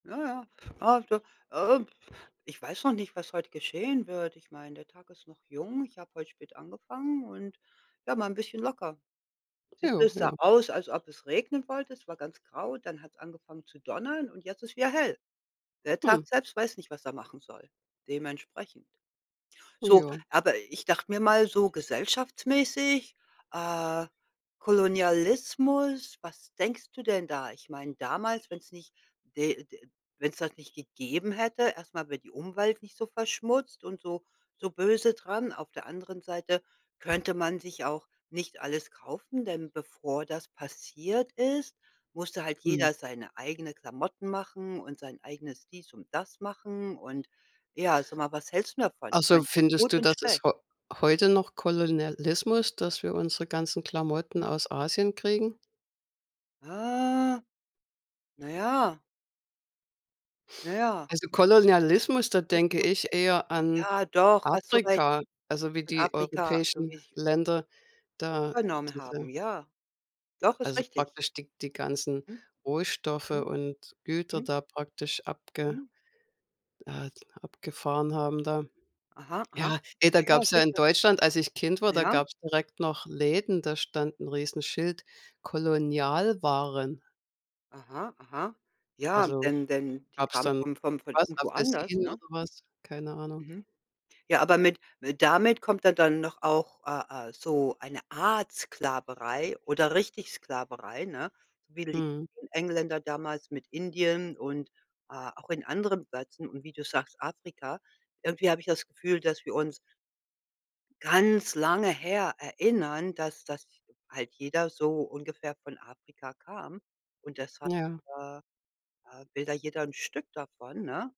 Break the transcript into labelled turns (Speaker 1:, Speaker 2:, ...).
Speaker 1: Ja, ja, ah, du, äh, ich weiß noch nicht, was heute geschehen wird. Ich meine, der Tag ist noch jung. Ich habe heute spät angefangen und ja, mal 'n bisschen locker. Siehst du,
Speaker 2: Ja,
Speaker 1: es
Speaker 2: ja.
Speaker 1: sah aus, als ob es regnen wollte. Es war ganz grau. Dann hat's angefangen zu donnern und jetzt ist wieder hell. Der
Speaker 2: Hm.
Speaker 1: Tag selbst weiß nicht, was er machen soll, dementsprechend. So,
Speaker 2: Ja.
Speaker 1: aber ich dachte mir mal so gesellschaftsmäßig, äh, Kolonialismus, was denkst du denn da? Ich meine damals, wenn's nicht, d äh, wenn's das nicht gegeben hätte, erst mal wäre die Umwelt nicht so verschmutzt und so so böse dran. Auf der anderen Seite könnte man sich auch nicht alles kaufen, denn bevor das passiert ist, musste halt
Speaker 2: Mhm.
Speaker 1: jeder seine eigene Klamotten machen und sein eigenes dies und das machen. Und ja, sag mal, was hältst denn davon? Ich
Speaker 2: Also
Speaker 1: meine, das ist
Speaker 2: findest
Speaker 1: gut
Speaker 2: du,
Speaker 1: und
Speaker 2: das ist
Speaker 1: schlecht.
Speaker 2: heu heute noch Kolonialismus, dass wir unsere ganzen Klamotten
Speaker 1: Hm.
Speaker 2: aus Asien kriegen?
Speaker 1: Ah. Na ja. Na ja.
Speaker 2: Also Kolonialismus, da
Speaker 1: Ist
Speaker 2: denke
Speaker 1: [unintelligible]
Speaker 2: ich eher an
Speaker 1: ja doch, hast du recht.
Speaker 2: Afrika, also wie
Speaker 1: Und
Speaker 2: die
Speaker 1: Afrika, so wie
Speaker 2: europäischen
Speaker 1: sie
Speaker 2: Länder da
Speaker 1: übernommen
Speaker 2: diese
Speaker 1: haben, ja. Doch, ist
Speaker 2: also
Speaker 1: richtig.
Speaker 2: praktisch die die ganzen
Speaker 1: Mhm.
Speaker 2: Rohstoffe
Speaker 1: Mhm.
Speaker 2: und Güter
Speaker 1: Mhm.
Speaker 2: da praktisch abge
Speaker 1: Mhm.
Speaker 2: äh, abgefahren haben da.
Speaker 1: Aha, aha.
Speaker 2: Ja, ey, da
Speaker 1: Ja, ja,
Speaker 2: gab's ja in
Speaker 1: sicher.
Speaker 2: Deutschland als ich Kind war, da
Speaker 1: Ja.
Speaker 2: gab's direkt noch Läden, da stand 'n Riesenschild, Kolonialwaren.
Speaker 1: Aha, aha. Ja,
Speaker 2: Also
Speaker 1: denn denn, die
Speaker 2: gab's
Speaker 1: kamen
Speaker 2: dann
Speaker 1: vom vom von
Speaker 2: was
Speaker 1: irgendwo anders,
Speaker 2: Apfelsinen
Speaker 1: ne?
Speaker 2: oder was? Keine Ahnung.
Speaker 1: Mhm. Ja, aber mit damit kommt dann doch auch, äh äh, so eine Art Sklaverei oder richtig Sklaverei, ne, wie die
Speaker 2: Mhm.
Speaker 1: [unintelligible] Engländer damals mit Indien und, äh, auch in anderen Plätzen und wie du sagst Afrika. Irgendwie habe ich das Gefühl, dass wir uns ganz lange her erinnern, dass das halt jeder so ungefähr von Afrika kam, und deshalb,
Speaker 2: Ja.
Speaker 1: äh äh, will da jeder 'n Stück davon, ne?